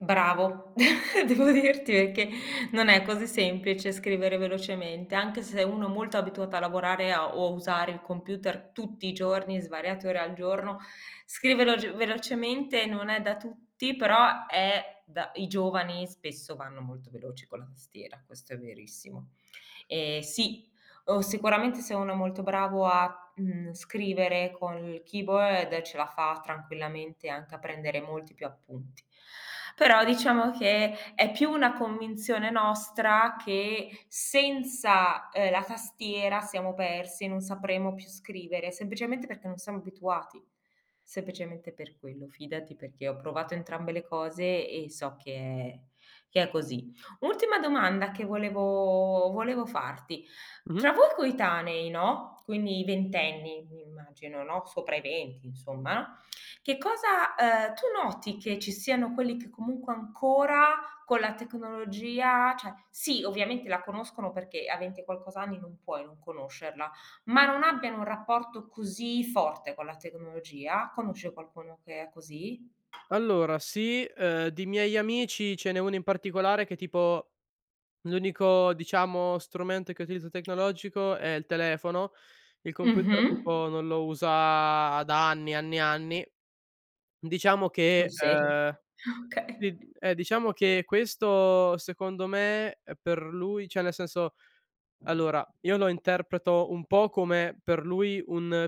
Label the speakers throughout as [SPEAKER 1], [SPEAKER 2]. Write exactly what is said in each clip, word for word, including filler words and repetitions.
[SPEAKER 1] Bravo. Devo dirti perché non è così semplice scrivere velocemente, anche se uno molto abituato a lavorare a o a usare il computer tutti i giorni, svariate ore al giorno, scrivere veloge velocemente non è da tutti, però è da i giovani spesso vanno molto veloci con la tastiera, questo è verissimo. Eh sì, o sicuramente se uno è molto bravo a, mhmm, scrivere con il keyboard ce la fa tranquillamente anche a prendere molti più appunti. Però, diciamo, che è più una convinzione nostra che senza, uhm, la tastiera siamo persi, non sapremo più scrivere, semplicemente perché non siamo abituati, semplicemente per quello. Fidati, perché ho provato entrambe le cose e so che è che è così. Ultima domanda che volevo volevo farti.
[SPEAKER 2] Mh-mh.
[SPEAKER 1] Tra voi coetanei, no, quindi ventenni immagino, no, sopra i venti, insomma. Che cosa uhm, tu noti che ci siano quelli che comunque ancora con la tecnologia ceh sì, ovviamente la conoscono perché a venti e qualcos'anni non puoi non conoscerla, ma non abbiano un rapporto così forte con la tecnologia? Conosci qualcuno che è così
[SPEAKER 2] Allora sì, uhm, di miei amici ce n'è uno in particolare che tipo l'unico, diciamo, strumento che utilizza tecnologico è il telefono. Il computer
[SPEAKER 1] Mh-mh.
[SPEAKER 2] tipo non lo usa da anni, anni e anni. Diciamo
[SPEAKER 1] Sul
[SPEAKER 2] che,
[SPEAKER 1] serio?
[SPEAKER 2] uhm,
[SPEAKER 1] Ah, okay.
[SPEAKER 2] si eh, diciamo che questo, secondo me, per lui ceh, nel senso allora io lo interpreto un po' come per lui un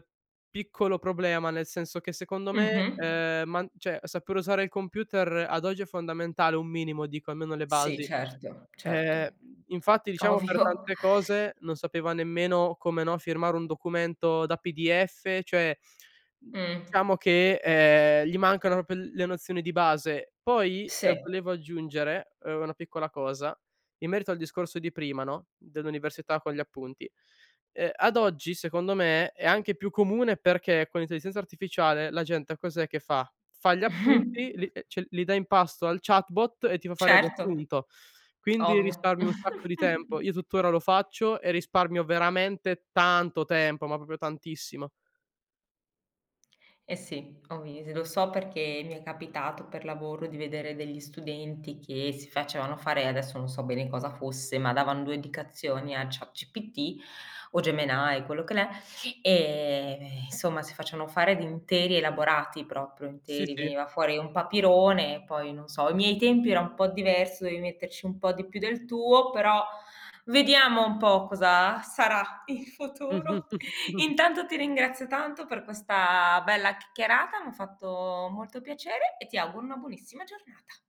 [SPEAKER 2] piccolo problema. Nel senso che, secondo me,
[SPEAKER 1] Mh-mh.
[SPEAKER 2] uhm, man ceh, saper usare il computer ad oggi è fondamentale, un minimo dico, almeno le
[SPEAKER 1] Sì,
[SPEAKER 2] basi.
[SPEAKER 1] certo, certo,
[SPEAKER 2] Eh, infatti, diciamo, per
[SPEAKER 1] ovvio.
[SPEAKER 2] tante cose non sapeva nemmeno come, no, firmare un documento da PDF, cioè,
[SPEAKER 1] Mh.
[SPEAKER 2] diciamo che, ehm, gli mancano propio l le nozioni di base. Poi,
[SPEAKER 1] Se.
[SPEAKER 2] volevo aggiungere, uhm, una piccola cosa, in merito al discorso di prima, no, dell'università con gli appunti. Uhm, ad oggi, secondo me, è anche più comune, perché con l'intelligenza artificiale la gente cos'è che fa? Fa gli appunti, li ceh li dà in pasto al chatbot e ti fa fare il
[SPEAKER 1] Certo,
[SPEAKER 2] riassunto. Quindi
[SPEAKER 1] ovvio.
[SPEAKER 2] risparmi un sacco di tempo. Io tuttora lo faccio e risparmio veramente tanto tempo, ma propio tantissimo.
[SPEAKER 1] Eh sì, [unintelligible] lo so perché mi è capitato per lavoro di vedere degli studenti che si facevano fare adesso non so bene cosa fosse, ma davan due indicazioni a ChatGPT o Gemini, quello che l'è, ehm, nsomma, si facevano fare di interi elaborati, proprio
[SPEAKER 2] Sì,
[SPEAKER 1] interi,
[SPEAKER 2] sì.
[SPEAKER 1] veniva fuori un papirone, poi non so, ai miei tempi era un po' diverso, dovevi metterci un po' di più del tuo, però vediamo un po' cosa sarà il futuro. Intanto ti ringrazio tanto per questa bella chiacchierata, m'ha fatto molto piacere e ti auguro una buonissima giornata.